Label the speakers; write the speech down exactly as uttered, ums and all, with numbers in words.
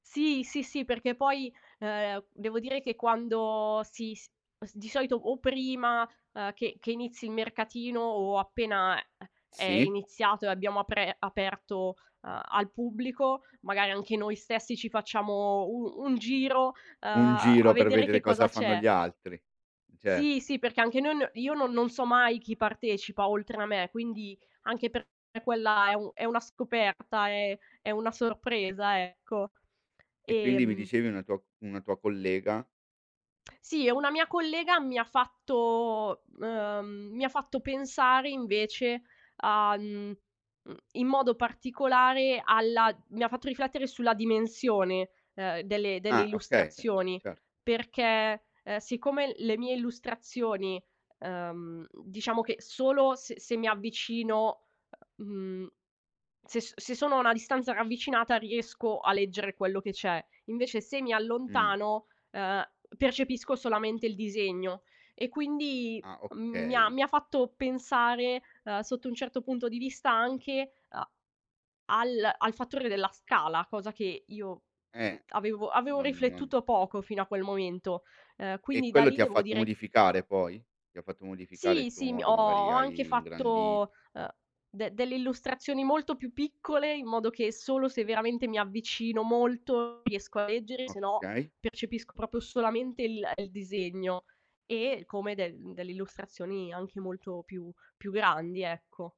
Speaker 1: Sì, sì, sì, perché poi, ehm, devo dire che quando si s di solito o prima, uhm, che che inizi il mercatino o appena è è
Speaker 2: Sì.
Speaker 1: iniziato e abbiamo apre aperto, uhm, al pubblico, magari anche noi stessi ci facciamo un un giro, uhm,
Speaker 2: Un
Speaker 1: a
Speaker 2: giro per
Speaker 1: vedere che
Speaker 2: vedere
Speaker 1: cosa
Speaker 2: cosa fanno
Speaker 1: c'è.
Speaker 2: gli altri. Ce
Speaker 1: Sì, sì, perché anche noi n io non non so mai chi partecipa oltre a me, quindi anche per quella è u è una scoperta, è è una sorpresa, ecco.
Speaker 2: E quindi mi
Speaker 1: Ehm
Speaker 2: dicevi una tua una tua collega?
Speaker 1: Sì, e una mia collega mi ha fatto, ehm, mi ha fatto pensare invece a, mhmm, mhmm, in modo particolare alla mi ha fatto riflettere sulla dimensione, ehm, delle delle
Speaker 2: Ah, okay.
Speaker 1: illustrazioni
Speaker 2: Cer
Speaker 1: perché, ehm, siccome le mie illustrazioni, uhm, diciamo che solo s se mi avvicino, uhm, mhmm, se s se sono a una distanza ravvicinata riesco a leggere quello che c'è, invece se mi
Speaker 2: Mh.
Speaker 1: allontano, ehm, percepisco solamente il disegno e quindi,
Speaker 2: Ah,
Speaker 1: mhmm, mi ha
Speaker 2: okay.
Speaker 1: mi ha fatto pensare, uhm, sotto un certo punto di vista anche a al al fattore della scala, cosa che io, mhmm,
Speaker 2: Eh,
Speaker 1: avevo avevo
Speaker 2: non non
Speaker 1: riflettuto poco fino a quel momento. Uhm,
Speaker 2: E
Speaker 1: quindi da
Speaker 2: quello ti
Speaker 1: lì
Speaker 2: ha
Speaker 1: devo
Speaker 2: fatto
Speaker 1: dire
Speaker 2: modificare poi? Ti ha fatto modificare il
Speaker 1: Sì,
Speaker 2: tuo
Speaker 1: sì, mi ho
Speaker 2: modo,
Speaker 1: ho
Speaker 2: magari
Speaker 1: anche
Speaker 2: hai ingrandit
Speaker 1: fatto, uhm, de delle illustrazioni molto più piccole, in modo che solo se veramente mi avvicino molto riesco a leggere, se no
Speaker 2: Okay.
Speaker 1: percepisco propio solamente il il disegno e come de delle illustrazioni anche molto più più grandi, ecco.